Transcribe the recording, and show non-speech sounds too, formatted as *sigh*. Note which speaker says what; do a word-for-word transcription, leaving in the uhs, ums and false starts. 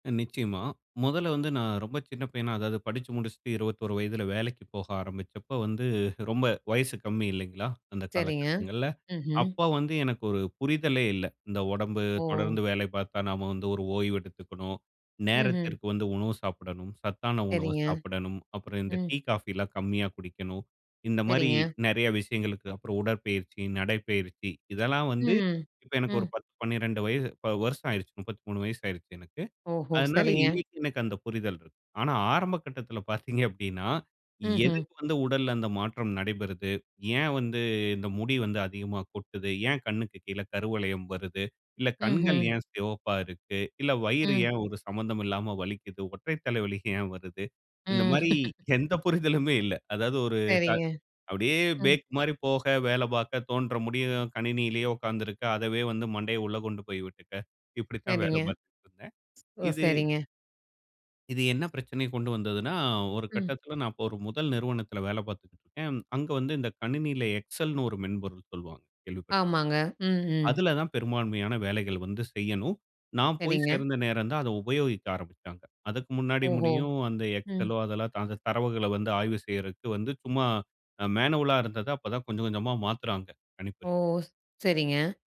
Speaker 1: நிச்சயமா. முதல்ல வந்து, நான் ரொம்ப சின்ன பையனா அதாது படிச்சி முடிச்சுட்டு இருபத்தி ஒரு வயதுல வேலைக்கு போக ஆரம்பிச்சப்போ வந்து, ரொம்ப வயசு கம்மி இல்லைங்களா? அந்த
Speaker 2: சேரிங்க.
Speaker 1: காலகட்டங்கள்ல!
Speaker 2: ம்ஹ்ம்.
Speaker 1: அப்போ வந்து, எனக்கு ஒரு புரிதலே இல்லை. இந்த உடம்பு
Speaker 2: ஓ!
Speaker 1: தொடர்ந்து வேலை பார்த்தா, நாம வந்து ஒரு ஓய்வு எடுத்துக்கணும்.
Speaker 2: ம்ஹ்ம்.
Speaker 1: நேரத்திற்கு வந்து உணவு சாப்பிடணும். சத்தான உணவு
Speaker 2: சேரிங்க.
Speaker 1: சாப்பிடணும். அப்பறம் இந்த
Speaker 2: ம்.
Speaker 1: டீ காஃபிலாம் கம்மியா குடிக்கணும். இந்த மாரி
Speaker 2: சேரிங்க.
Speaker 1: நிறைய விஷயங்களுக்கு அப்பறம், உடற்பயிற்சி, நடைப்பயிற்சி, இதல்லாம் வந்து
Speaker 2: ம்,
Speaker 1: இப்ப
Speaker 2: ம்.
Speaker 1: எனக்கு ஒரு
Speaker 2: ம்.
Speaker 1: பத்து, பன்னிரண்டு வயது, வ வருஷம் ஆயிடுச்சு. முப்பத்தி மூணு வயசு ஆயிடுச்சு எனக்கு.
Speaker 2: ஓஹோ!
Speaker 1: அதனால
Speaker 2: சரிங்க.
Speaker 1: இன்னைக்கு எனக்கு அந்த புரிதல்ருக்கு. ஆனா ஆரம்ப கட்டத்தில *chuckles* பார்த்தீங்க அப்படினா,
Speaker 2: ம்ஹ்ம்.
Speaker 1: எதுக்கு வந்து உடல்ல அந்த மாற்றம் நடைபெறுது? ஏன் வந்து, இந்த முடி வந்து அதிகமா கொட்டுது? ஏன், கண்ணுக்கு கீழே கருவளையம் வருது? இல்ல, கண்கள்
Speaker 2: ம்ஹ்ம்.
Speaker 1: ஏன் சிவப்பா இருக்கு? இல்ல, வயிறு
Speaker 2: ம்.
Speaker 1: ஏன் ஒரு சம்மந்தமும் இல்லாம வலிக்குது? ஒற்றை தலைவலி ஏன் வருது? இந்த
Speaker 2: ம்.
Speaker 1: மாரி எந்த *chuckles* புரிதலுமே இல்ல. அதாது ஒரு த
Speaker 2: சேரிங்க.
Speaker 1: அப்படியே
Speaker 2: ம்.
Speaker 1: பேக் மாரி போக, வேலை பார்க்க, தோன்றும் முடியும் கணினியிலேயே உட்கார்ந்து இருக்க, அதவே வந்து மண்டையை உள்ள கொண்டு போய் விட்டுக்க இப்டித்தான் வேலை
Speaker 2: சேரிங்க.
Speaker 1: பார்த்துட்டு இருந்தேன்.
Speaker 2: ஓ
Speaker 1: இது
Speaker 2: சரிங்க!
Speaker 1: இது என்ன பிரச்சனைய கொண்டு வந்துதுன்னா, ஒரு
Speaker 2: ம்.
Speaker 1: கட்டத்தில நான் ஒரு முதல் நிறுவனத்தில வேலை பார்த்துக்கிட்டு இருக்கேன். அங்க வந்து, இந்த கணினியில எக்ஸெல்ன்னு ஒரு மென்பொருள் சொல்வாங்க. கேள்விப்பட்டு
Speaker 2: ஆமாங்க. ம், ம்.
Speaker 1: அதுல தான் பெரும்பான்மையான வேலைகள் வந்து செய்யணும். நான் போய்
Speaker 2: சேரிங்க.
Speaker 1: சேர்ந்த நேரம் தான், அதை உபயோகிக்க ஆரம்பிச்சாங்க. அதுக்கு முன்னாடி
Speaker 2: ஓஹோ!
Speaker 1: முடியும், அந்த
Speaker 2: ம்.
Speaker 1: எக்ஸெலோ அதெல்லாம் அந்த தரவுகளை வந்து ஆய்வு செய்றதுக்கு வந்து சும்மா அ மேனுவலா இருந்தத அப்ப தான் கொஞ்சம் கொஞ்சமா மாத்துறாங்க கணிப்பொறில.
Speaker 2: ஓஸ், சேரிங்க.